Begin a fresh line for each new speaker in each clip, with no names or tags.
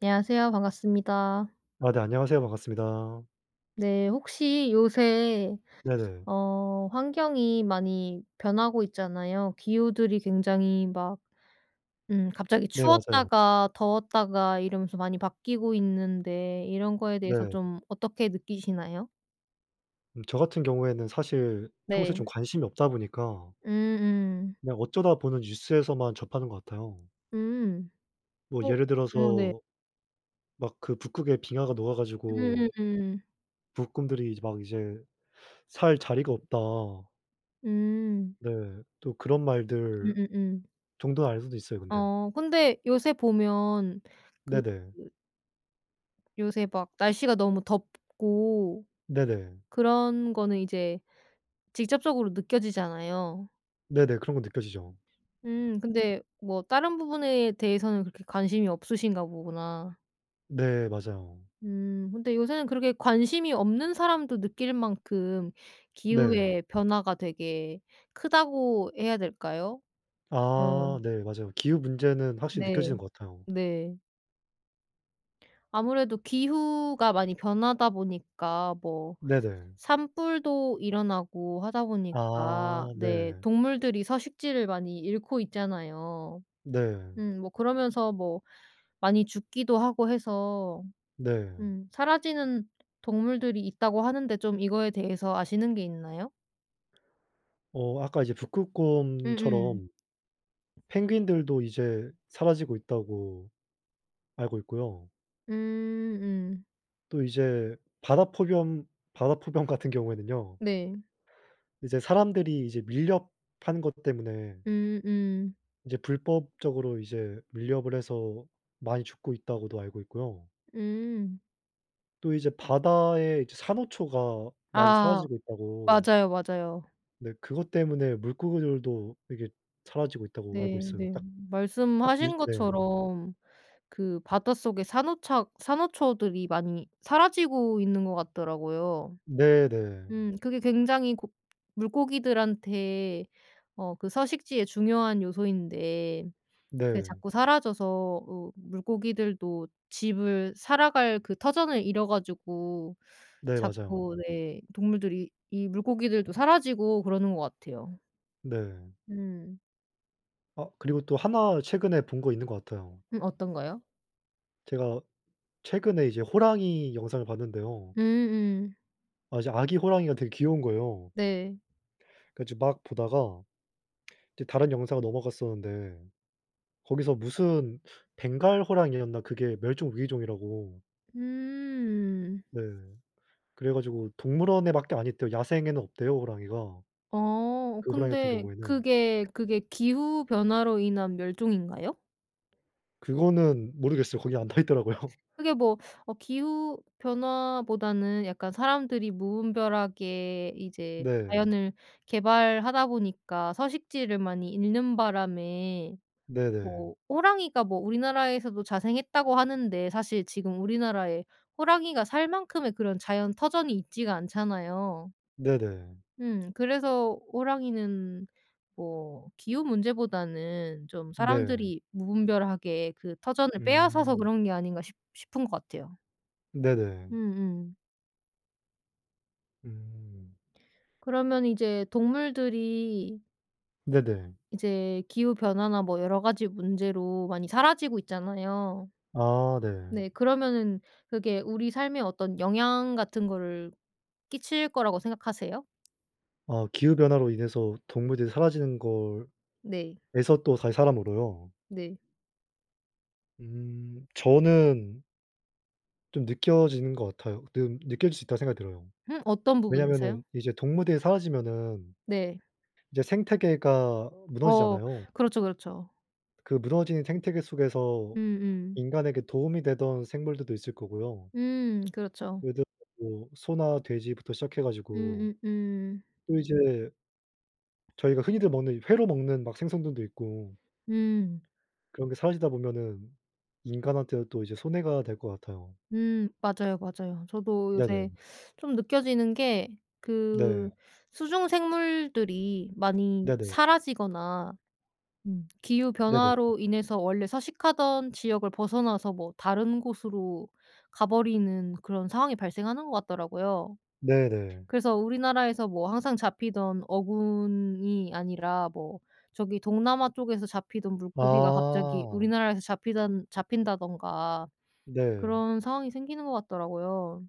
안녕하세요 반갑습니다.
어 네 안녕하세요 반갑습니다.
네 혹시 요새
네네.
어 환경이 많이 변하고 있잖아요. 기후들이 굉장히 막 음 갑자기
네 맞아요.
추웠다가 더웠다가 이러면서 많이 바뀌고 있는데 이런 거에 대해서
네.
좀 어떻게 느끼시나요?
음 저 같은 경우에는 사실 평소에
네.
좀 관심이 없다 보니까
음음.
그냥 어쩌다 보는 뉴스에서만 접하는 것 같아요.
음.
뭐
어.
예를
어 네.
들어서 막 그 북극에 빙하가 녹아 가지고
음음음.
북극곰들이 이제 막 이제 살 자리가 없다.
음.
네. 또 그런 말들
음음음.
정도 알고도 있어요 근데.
어 근데 요새 보면 그
네네.
그 요새 막 날씨가 너무 덥고
네네.
그런 거는 이제 직접적으로 느껴지잖아요.
네네 그런 것 느껴지죠.
음 근데 뭐 다른 부분에 대해서는 그렇게 관심이 없으신가 보구나.
네 맞아요.
음 근데 요새는 그렇게 관심이 없는 사람도 느낄 만큼
네.
기후의 변화가 되게 크다고 해야 될까요?
아
어.
네 맞아요 기후 문제는 확실히 느껴지는
네.
것 같아요.
네. 아무래도 기후가 많이 변하다 보니까 뭐
네네.
산불도 일어나고 하다 보니까
아
네
네.
동물들이 서식지를 많이 잃고 있잖아요.
네.
음 뭐 그러면서 뭐 많이 죽기도 하고 해서
네.
음 "사라지는 동물들이 있다."고 하는데 좀 이거에 대해서 아시는 게 있나요?
어 아까 이제
음음.
북극곰처럼 "펭귄들도 이제 사라지고 있다."고 알고 있고요
음음.
또 이제 바다포겸 바다표범 같은 경우에는요
네.
이제 사람들이 이제 밀렵 한 것 때문에
음음.
이제 "불법적으로 이제 밀렵을 해서 많이 죽고 있다."고도 알고 있고요
음.
또 이제 바다에 이제 "산호초가 많이
아
사라지고 있다."고
맞아요, 맞아요.
네 그것 때문에 "물고기들도 이게 사라지고 있다."고 알고 있어요.
네네
딱 딱 뉴스
말씀하신
네.
것처럼 그 바닷속에 산호차 산호초들이 많이 사라지고 있는 것 같더라고요.
네네.
음 그게 굉장히 고 물고기들한테 어 그 서식지에 중요한 요소인데 그게
네.
자꾸 사라져서 으 물고기들도 집을 살아갈 그 터전을 잃어 가지고
네 맞아요.
자꾸 네 동물들이 이 물고기들도 사라지고 그러는 것 같아요.
네.
음.
아 그리고 또 하나 최근에 본 거 있는 것 같아요.
음 어떤 거요?
제가 최근에 이제 호랑이 영상을 봤는데요.
음음.
아 이제 아기 호랑이가 되게 귀여운 거예요.
네.
그 좀 막 보다가 이제 다른 영상으로 넘어갔었는데 거기서 무슨 벵갈 호랑이였나 그게 멸종위기종이라고
음.
네. 그래 가지고 동물원에 밖에 안 있대요 야생에는 없대요 호랑이가.
어
그 호랑이 같은
근데
경우에는.
그게, 그게 기후 변화로 인한 멸종인가요?
그거는 모르겠어요. 거기 안 나와 있더라고요.
그게 뭐 어 기후 변화보다는 약간 사람들이 무분별하게 이제
네.
자연을 개발하다 보니까 서식지를 많이 잃는 바람에
네네.
뭐 "호랑이가 뭐 우리나라에서도 자생했다."고 하는데 사실 지금 우리나라에 호랑이가 살 만큼의 그런 자연 터전이 있지가 않잖아요.
네네.
음 그래서 호랑이는 뭐 기후 문제보다는 좀
네.
사람들이 무분별하게 그 터전을 빼앗아서
음.
그런 게 아닌가 싶 싶은 거 같아요.
네네.
음음.
음.
그러면 이제 동물들이
네네.
이제 기후변화나 뭐 여러 가지 문제로 많이 사라지고 있잖아요.
아 네.
네 그러면은 그게 우리 삶에 어떤 영향 같은 거를 끼칠 거라고 생각하세요?
아 기후 변화로 인해서 동물들이 사라지는 걸
네.
에서 또다시 사람으로요?
네.
음 저는 좀 느껴지는 것 같아요. 느 느껴질 수 있다고 생각이 들어요.
음 어떤
왜냐하면은
부분에서요?
이제 동물들이 사라지면은
네.
이제 생태계가
어.
무너지잖아요.
그렇죠, 그렇죠.
그 무너진 생태계 속에서
음음.
인간에게 도움이 되던 생물들도 있을 거고요.
음 그렇죠.
예를 들어서 뭐 소나 돼지부터 시작해 가지고
음음음.
또 이제 저희가 흔히들 먹는 이 회로 먹는 막 생선들도 있고
음.
그런 게 사라지다 보면은 인간한테도 또 이제 손해가 될 것 같아요.
음 맞아요, 맞아요. 저도 요새
네네.
좀 느껴지는 게 그
네.
수중 생물들이 많이
네네.
사라지거나 음 기후
네네.
변화로 인해서 원래 서식하던 지역을 벗어나서 뭐 다른 곳으로 가 버리는 그런 상황이 발생하는 것 같더라고요.
네 네.
그래서 우리나라에서 뭐 항상 잡히던 어군이 아니라 뭐 저기 동남아 쪽에서 잡히던 물고기가 갑자기
아.
우리나라에서 잡히단 잡힌다든가
네.
그런 상황이 생기는 것 같더라고요.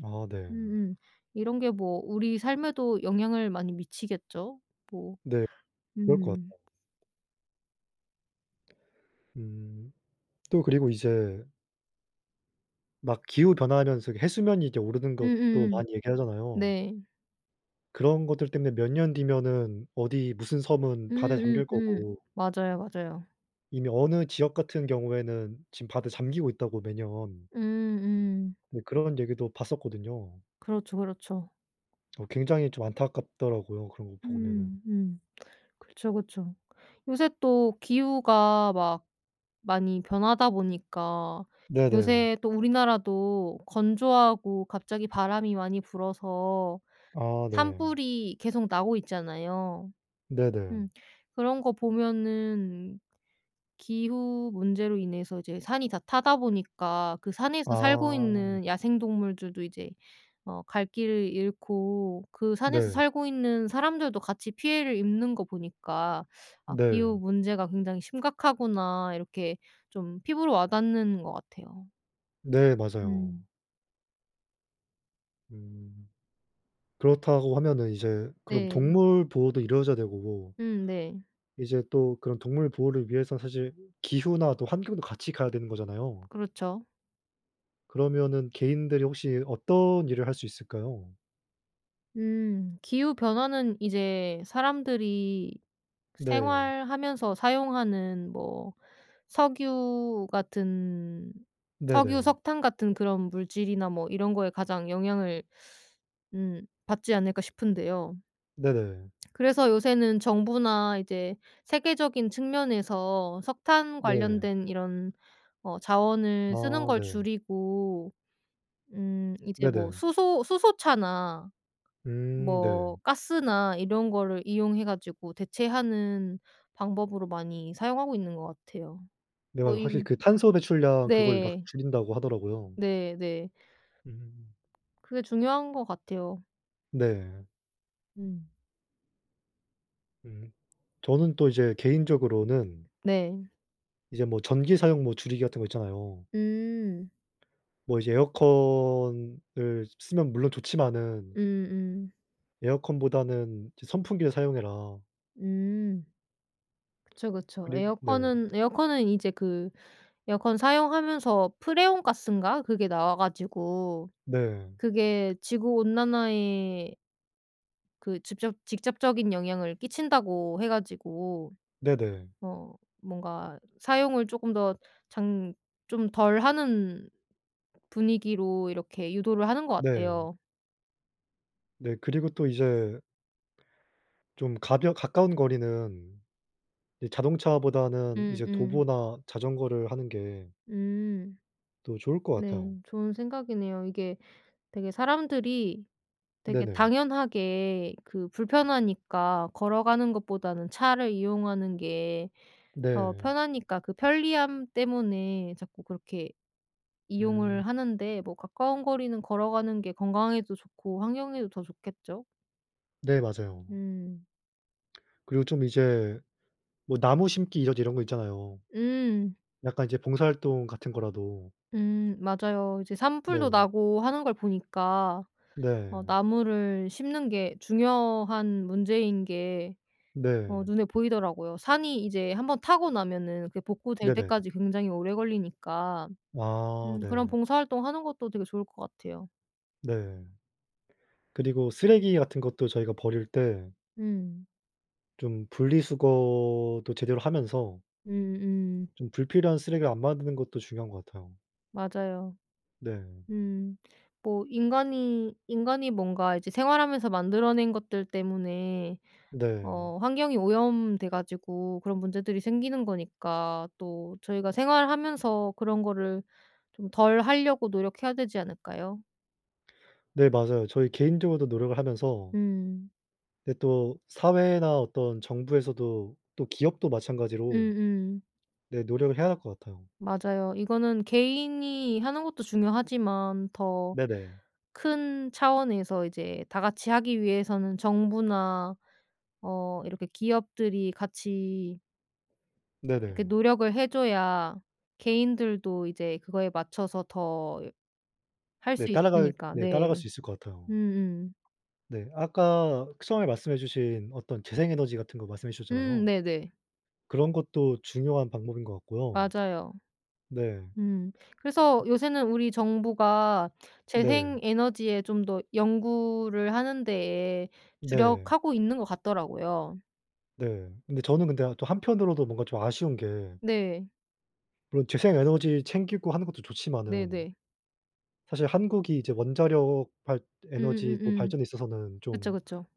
아 네.
음음. 이런 게 뭐 우리 삶에도 영향을 많이 미치겠죠? 뭐
네. 그럴 것
음.
같아요. 음. 또 그리고 이제 막 기후 변화하면서 이 해수면이 이렇게 오르는 것도
음음음.
많이 얘기하잖아요.
네.
그런 것들 때문에 몇 년 뒤면은 어디 무슨 섬은 바다에 잠길
음음음.
거고
맞아요, 맞아요.
이미 어느 지역 같은 경우에는 지금 바다에 잠기고 있다고 매년.
음음.
네 그런 얘기도 봤었거든요.
그렇죠, 그렇죠.
어 굉장히 좀 안타깝더라고요 그런 거 보면은.
음음. 그쵸, 그쵸. 요새 또 기후가 막 많이 변하다 보니까
네네.
요새 또 우리나라도 건조하고 갑자기 바람이 많이 불어서
아 네.
산불이 계속 나고 있잖아요.
네네.
음 그런 거 보면은 기후 문제로 인해서 이제 산이 다 타다 보니까 그 산에서 살고
아.
있는 야생 동물들도 이제 어 갈 길을 잃고 그 산에서
네.
살고 있는 사람들도 같이 피해를 입는 거 보니까 '아 기후
네.
문제가 굉장히 심각하구나.' 이렇게 좀 피부로 와닿는 것 같아요.
네 맞아요.
음.
음. 그렇다고 하면은 이제 그럼
네.
동물 보호도 이루어져야 되고
음 네.
이제 또 그런 동물 보호를 위해서 사실 기후나 또 환경도 같이 가야 되는 거잖아요.
그렇죠.
그러면은 개인들이 혹시 어떤 일을 할 수 있을까요?
음 기후 변화는 이제 사람들이
네.
생활하면서 사용하는 뭐 석유 같은 석유,
네네.
석탄 같은 그런 물질이나 뭐 이런 거에 가장 영향을 음 받지 않을까 싶은데요.
네네.
그래서 요새는 정부나 이제 세계적인 측면에서 석탄
네.
관련된 이런 어 자원을 쓰는
아
걸
네.
줄이고 음 이제 뭐
네네.
수소 수소차나
음 네.
뭐 가스나 이런 거를 이용해 가지고 대체하는 방법으로 많이 사용하고 있는 것 같아요.
네
뭐
맞아
이
확실히 그 탄소 배출량 그걸 막
네.
줄인다고 하더라고요.
네 네.
음.
그게 중요한 것 같아요.
네.
음.
음. 저는 또 이제 개인적으로는
네.
이제 뭐 전기 사용 뭐 줄이기 같은 거 있잖아요.
음.
뭐 이제 에어컨을 쓰면 물론 좋지만은
음음.
에어컨보다는 이제 "선풍기를 사용해라."
음. 그쵸, 그쵸.
그리 네.
에어컨은 에어컨은 이제 그 에어컨 사용하면서 프레온 가스인가 그게 나와 가지고
네.
그게 지구 온난화에 그 직접 직접적인 영향을 끼친다고 해 가지고
네네.
어 뭔가 사용을 쪼끔 더 장 좀 덜 하는 분위기로 이렇게 유도를 하는 것
네.
같아요.
네 그리고 또 이제 좀 가벼 가까운 거리는 이 자동차보다는 이제
음음.
도보나 자전거를 하는 게
음.
더 좋을 것
네.
같아요.
좋은 생각이네요. 이게 되게 사람들이 되게
네네.
당연하게 그 불편하니까 걸어가는 것보다는 차를 이용하는 게 더
네.
편하니까 그 편리함 때문에 자꾸 그렇게
음.
이용을 하는데 뭐 가까운 거리는 걸어가는 게 건강에도 좋고 환경에도 더 좋겠죠?
네 맞아요.
음.
그리고 좀 이제 뭐 나무 심기 이러 이런 거 있잖아요.
음.
약간 이제 봉사활동 같은 거라도.
음 맞아요. 이제 산불도
네.
나고 하는 걸 보니까 어
네.
나무를 심는 게 중요한 문제인 게 어
네.
눈에 보이더라고요. 산이 이제 1 번 타고 나면은 그게 복구될
네네.
때까지 굉장히 오래 걸리니까
아
음 그런
네.
봉사 활동하는 것도 되게 좋을 것 같아요.
네. 그리고 쓰레기 같은 것도 저희가 버릴 때
음.
좀 분리수거도 제대로 하면서
음음.
좀 불필요한 쓰레기를 안 만드는 것도 중요한 것 같아요.
맞아요.
네.
음 뭐 인간이 인간이 뭔가 이제 생활하면서 만들어낸 것들 때문에
네.
어 환경이 오염돼 가지고 그런 문제들이 생기는 거니까 또 저희가 생활하면서 그런 거를 좀 덜 하려고 노력해야 되지 않을까요?
네 맞아요. 저희 개인적으로도 노력을 하면서
음.
근데 또 사회나 어떤 정부에서도 또 기업도 마찬가지로
음음.
네 노력을 해야 할 것 같아요.
맞아요. 이거는 개인이 하는 것도 중요하지만 더
네네.
큰 차원에서 이제 다 같이 하기 위해서는 정부나 어 이렇게 기업들이 같이 그
네네.
노력을 해줘야 개인들도 이제 그거에 맞춰서 더 할
네
수
따라갈
있으니까
네 따라갈
네.
수 있을 것 같아요.
음음.
네 아까 처음에 말씀해 주신 어떤 재생 에너지 같은 거 말씀해
음
주셨잖아요.
네네.
그런 것도 중요한 방법인 것 같고요.
맞아요.
네.
음. 그래서 요새는 우리 정부가
네.
재생 에너지에 좀 더 연구를 하는 데에
네.
주력하고 있는 것 같더라고요.
네. 근데 저는 근데 어 또 한편으로도 뭔가 좀 아쉬운 게
네.
물론 재생 에너지 챙기고 하는 것도 좋지만은
네네.
사실 한국이 이제 원자력 발 에너지 뭐
음음음음.
발전에 있어서는
그쵸
좀
그쵸.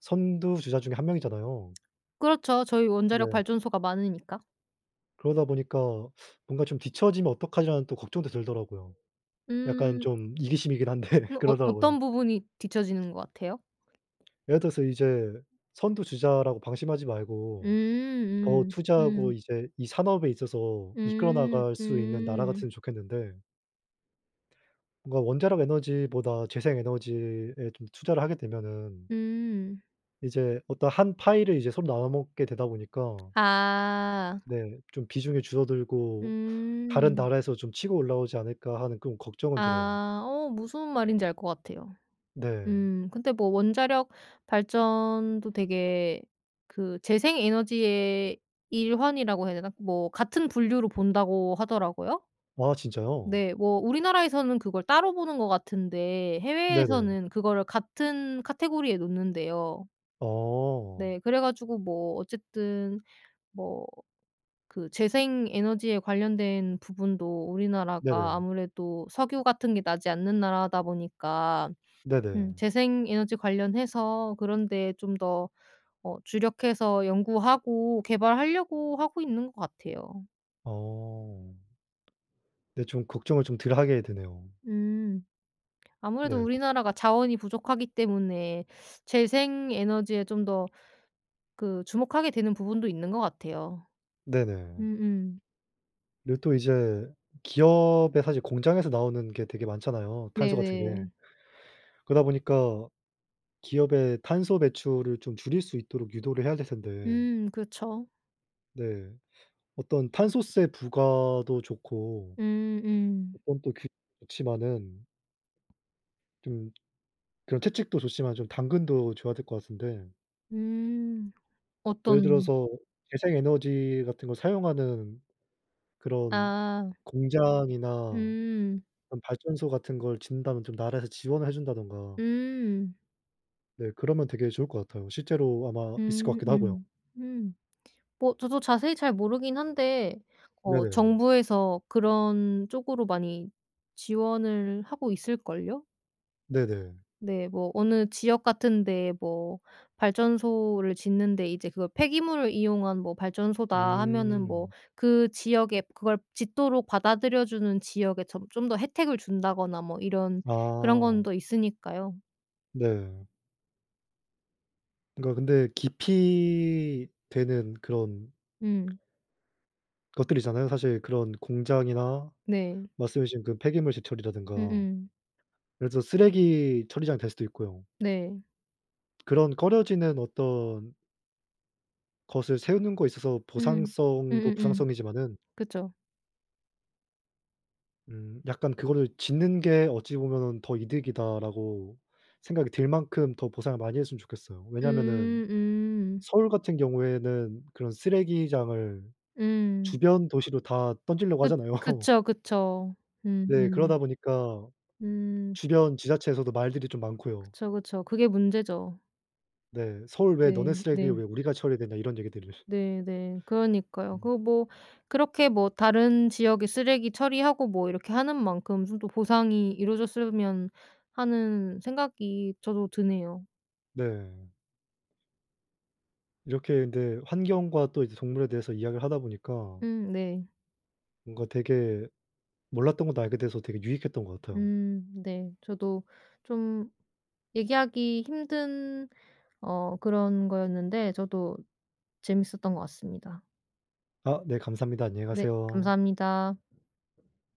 선두 주자 중의 1 명이잖아요.
그렇죠. 저희 원자력
네.
발전소가 많으니까.
그러다 보니까 뭔가 좀 '뒤처지면 어떡하지.'라는 걱정도 들더라고요. 약간
음음. 음
좀 이기심이긴 한데
어
그러더라고요.
어떤 부분이 뒤처지는 것 같아요?
예를 들어서 이제 선두 주자라고 방심하지 말고 더
음음.
투자하고
음.
이제 이 산업에 있어서 이끌어
음.
나갈 수 있는 나라
음.
같으면 좋겠는데 뭔가 원자력 에너지보다 재생 에너지에 좀 투자를 하게 되면은
음.
이제 어떤 한 파이를 이제 서로 나눠 먹게 되다 보니까
아.
네. 좀 '비중이 줄어들고 다른
음.
나라에서 좀 치고 올라오지 않을까.' 하는 그런 걱정은 들어요.
아 어 무슨 말인지 알 것 같아요.
네.
음. 근데 뭐 원자력 발전도 되게 그 재생 에너지의 일환이라고 해야 되나 뭐 같은 분류로 본다고 하더라고요?
와 진짜요?
네, 뭐 우리나라에서는 그걸 따로 보는 것 같은데
네네.
해외에서는 그거를 같은 카테고리에 놓는대요.
어.
네. 그래 가지고 뭐 어쨌든 뭐 그 재생 에너지에 관련된 부분도 우리나라가
네네.
아무래도 석유 같은 게 나지 않는 나라다 보니까 음
네네.
재생 에너지 관련해서 그런 데에 좀 더 어 주력해서 연구하고 개발하려고 하고 있는 것 같아요.
아. 네 좀 걱정을 좀 덜 하게 되네요.
음. 아무래도
네.
우리나라가 자원이 부족하기 때문에 재생 에너지에 좀 더 그 주목하게 되는 부분도 있는 것 같아요.
네네.
음음.
네 또 이제 기업의 사실 공장에서 나오는 게 되게 많잖아요
네
탄소 같은 게.
네.
그러다 보니까 기업의 탄소 배출을 좀 줄일 수 있도록 유도를 해야 될 텐데
음 그렇죠.
네. 어떤 탄소세 부과도 좋고
음음.
어떤 또 그렇지만은 좀 그런 채찍도 좋지만 좀 당근도 줘야 될 것 같은데
음.
예를
어떤?
들어서 재생 에너지 같은 걸 사용하는 그런
아.
공장이나
음.
그런 발전소 같은 걸 짓는다면 좀 나라에서 지원을 해 준다든가
음.
네 그러면 되게 좋을 것 같아요. 실제로 아마 있을 것
음
같기도 하고요.
음. 음. 뭐 저도 자세히 잘 모르긴 한데 어
네네.
정부에서 그런 쪽으로 많이 지원을 하고 있을걸요?
네네.
네. 뭐 어느 지역 같은 데에 뭐 발전소를 짓는데 이제 그거 "폐기물을 이용한 뭐 발전소다." 하면은 뭐
음.
그 지역에 그걸 짓도록 받아들여 주는 지역에 점 좀 더 혜택을 준다거나 뭐 이런 그런 건
아.
더 있으니까요.
네. 그러니까 근데 기피되는 그런
음.
것들이잖아요. 사실 그런 공장이나
네.
말씀해 주신 그 폐기물 시설 처리라든가
음음.
예를 들어서 쓰레기 처리장이 될 수도 있고요.
네.
그런 꺼려지는 어떤 것을 세우는 거에 있어서
음.
보상성도
음음음.
보상성이지만은
그쵸.
음 약간 '그거를 짓는 게 어찌 보면은 더 이득이다.'라고 생각이 들 만큼 더 보상을 많이 했으면 좋겠어요. 왜냐하면은
음. 음.
서울 같은 경우에는 그런 쓰레기장을
음.
주변 도시로 다 던지려고
그
하잖아요.
그쵸, 그쵸.
네 그러다
음음.
보니까
음.
주변 지자체에서도 말들이 좀 많고요.
그쵸, 그쵸. 그게 문제죠.
네 "서울 왜 너네
네.
쓰레기에
네.
왜 우리가 처리해야 되냐." 이런 얘기들일
네 네. 그러니까요.
음.
그거 뭐 그렇게 뭐 다른 지역에 쓰레기 처리하고 뭐 이렇게 하는 만큼 좀 더 보상이 이루어졌으면 하는 생각이 저도 드네요.
네. 이렇게 근데 환경과 또 이제 동물에 대해서 이야기를 하다 보니까
음 네.
뭔가 되게 몰랐던 것도 알게 돼서 되게 유익했던 것 같아요.
음 네. 저도 좀 얘기하기 힘든 어 그런 거였는데 저도 재미있었던 것 같습니다.
아 네 감사합니다. 안녕히
네.
가세요.
감사합니다.